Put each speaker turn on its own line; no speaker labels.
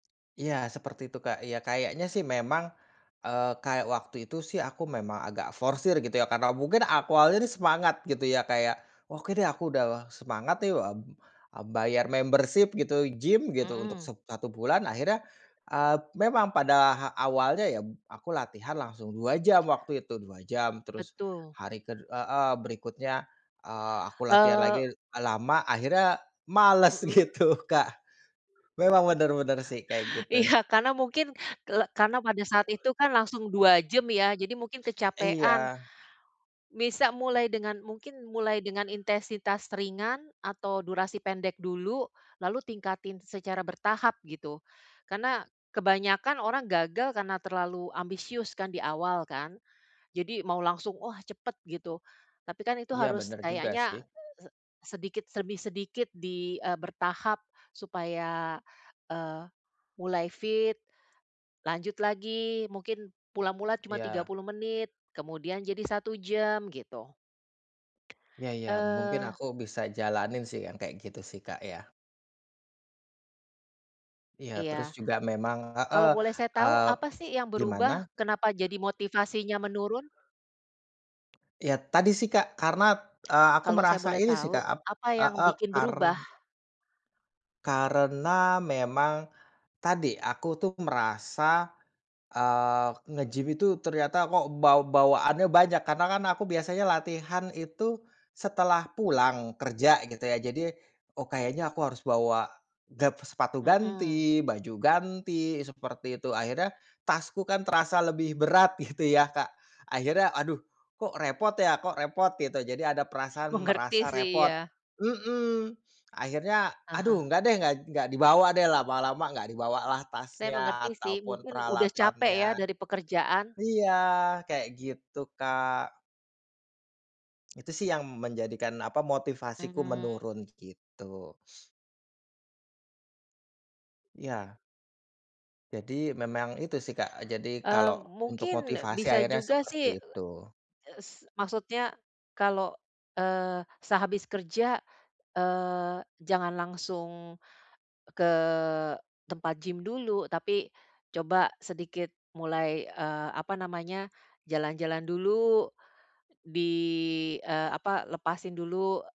Iya seperti itu Kak, iya kayaknya sih memang, eee, kayak waktu itu sih aku memang agak forsir gitu ya karena mungkin ak awalnya nih semangat gitu ya Kak, ya oke deh aku udah semangat nih, eee, bayar membership gitu gym gitu untuk
Mhm.
set satu bulan akhirnya, eee, memang pada ha awalnya ya aku latihan langsung 2 jam waktu itu 2 jam terus,
Betul.
hari ke heeh, berikutnya, eee, aku latihan lagi
Eee.
lama akhirnya males
Mhm.
gitu Kak, memang bener bener sih kayak gitu.
Iya karena mungkin ke karena pada saat itu kan langsung 2 jam ya jadi mungkin kecapekan.
Iya.
Bisa mulai dengan mungkin mulai dengan intensitas ringan atau durasi pendek dulu, lalu tingkatin secara bertahap gitu, karena kebanyakan orang gagal karena terlalu ambisius kan di awal kan, jadi mau langsung oh cepet gitu, tapi kan itu
Iya
harus
bener juga sih.
kayaknya se sedikit demi sedikit di, eee, bertahap supaya, eee, mulai fit, lanjut lagi mungkin mula-mula cuma tiga
Iya.
puluh menit kemudian jadi 1 jam gitu.
Iya iya mungkin
Eee.
aku bisa jalanin sih yang kayak gitu sih Kak, ya. Ya terus
Iya,
juga memang, heeh,
kalau boleh saya tahu
eee
apa sih yang berubah
gimana?
kenapa jadi motivasinya menurun?
Iya tadi sih Kak, karena, eee, aku
Kalau saya
merasa
boleh
ini sih Kak,
tahu
ap
apa yang
heeh,
bikin
kar
berubah?
karena memang, tadi aku tuh merasa, eee, ngegym itu ternyata kok baw bawaannya banyak karena kan aku biasanya latihan itu setelah pulang kerja gitu ya jadi, oh kayaknya aku harus bawa, gab sepatu
Mhm.
ganti baju ganti seperti itu akhirnya tasku kan terasa lebih berat gitu ya Kak, akhirnya aduh, kok repot ya kok repot gitu jadi ada perasaan
Mengerti
merasa
sih
repot
iya.
mhm, akhirnya aduh
Heeh.
enggak deh gak gak dibawa deh lama-lama enggak dibawalah
Saya
tasnya
mengerti sih
ataupun
mungkin udah capek ya
peralatannya,
dari pekerjaan.
iya kayak gitu, Kak. Itu sih yang menjadikan apa motivasiku
Mmm.
menurun gitu. Ya. Jadi memang itu sih Kak, jadi kalau
Mmm,
untuk
mungkin
motivasi
bisa
akhirnya
juga
seperti
sih,
itu.
e s maksudnya, kalau, eee, sehabis kerja, eee, jangan langsung, ke tempat gym dulu tapi coba sedikit mulai, eee, apa namanya jalan-jalan dulu, di, eee, apa lepasin dulu.